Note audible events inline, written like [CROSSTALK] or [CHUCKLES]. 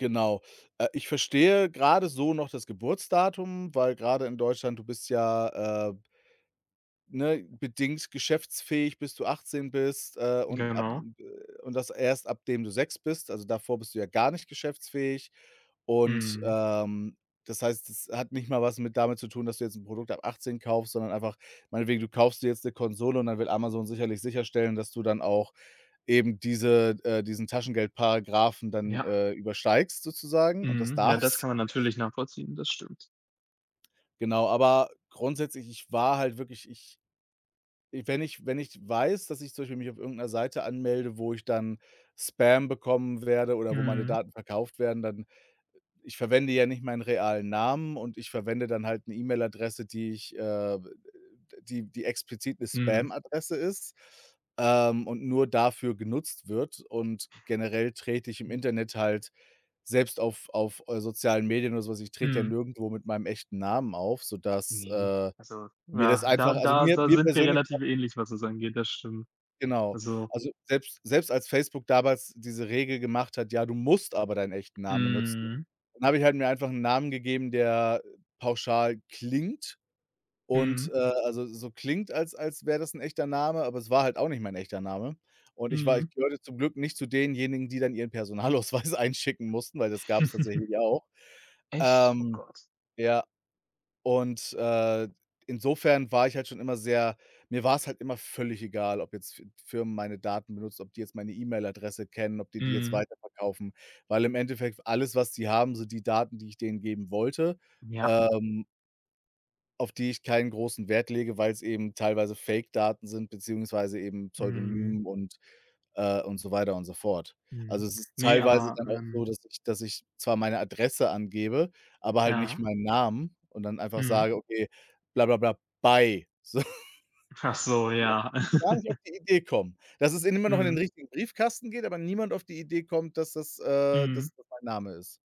Genau, äh, ich verstehe grade so noch das Geburtsdatum, weil grade in Deutschland, du bist ja, äh ne, bedingt geschäftsfähig, bis du 18 bist, äh, und ab, Genau. äh und das erst ab dem du 6 bist. Also, davor bist du ja gar nicht geschäftsfähig, und, Mhm. ähm, das heißt, das hat nicht mal was mit damit zu tun, dass du jetzt 'n Produkt ab 18 kaufst, sondern einfach meinetwegen, du kaufst dir jetzt 'ne Konsole und dann will Amazon sicherlich sicherstellen, dass du dann auch eben diese äh, diesen Taschengeldparagraphen dann, Ja. äh, übersteigst sozusagen und das Mhm. Ja, das darfst. kann man natürlich nachvollziehen, das stimmt. Genau, aber grundsätzlich, ich war halt wirklich ich wenn ich wenn ich weiß, dass ich zum Beispiel mich auf irgend 'ner Seite anmelde, wo ich dann Spam bekommen werde oder wo meine Mhm. Daten verkauft werden, dann ich verwende ja nicht meinen realen Namen und ich verwende dann halt 'ne E-Mail-Adresse, die ich äh, die die explizit 'ne Mhm. Spam-Adresse ist, ähm, und nur dafür genutzt wird. Und generell trete ich im Hm. Internet halt selbst auf auf, äh, sozialen Medien oder so was ich trete ja Mhm. nirgendwo mit meinem echten Namen auf, sodass, Ne, äh, also, mir das ja, da einfach also da mir da mir sind wir persönlich au relativ ähnlich, was das angeht. Das stimmt. Genau. Also Also, selbst selbst als Facebook damals diese Regel gemacht hat: „Ja, du musst aber deinen echten Namen nutzen.“, Mhm. dann habe ich halt mir einfach 'n Namen gegeben, der pauschal klingt und, Mhm. äh, also so klingt als als wäre das 'n echter Name, aber es war halt auch nicht mein echter Name. Und ich war Mhm. ich gehörte zum Glück nicht zu denjenigen, die dann ihren Personalausweis einschicken mussten, weil das gab's [CHUCKLES] tatsächlich auch Echt? Oh ähm, Gott. ja und, äh, insofern war ich halt schon immer sehr mir war's halt immer völlig egal, ob jetzt F Firmen meine Daten benutzen, ob die jetzt meine E-Mail-Adresse kennen, ob die die jetzt Mhm. weiterverkaufen, weil im Endeffekt alles, was sie haben, sind die Daten, die ich denen geben wollte, Ja. ähm auf die ich keinen großen Wert lege, weil's eben teilweise Fake-Daten sind beziehungsweise eben Mhm. Pseudonym und äh, und so weiter und so fort. Mhm. Also, es ist Ne, teilweise aber, dann auch so, ähm dass ich dass ich zwar meine Adresse angebe, aber halt nicht Ja. meinen Namen und dann einfach Mhm. sage: „Okay, bla bla bla, bye", sodass Ach so, die auch ja. gar nicht auf [CHUCKLES] die Idee kommen. Das es ihnen immer noch in den Mhm. richtigen Briefkasten geht, aber niemand auf die Idee kommt, dass das äh, Mhm. dass das mein Name ist.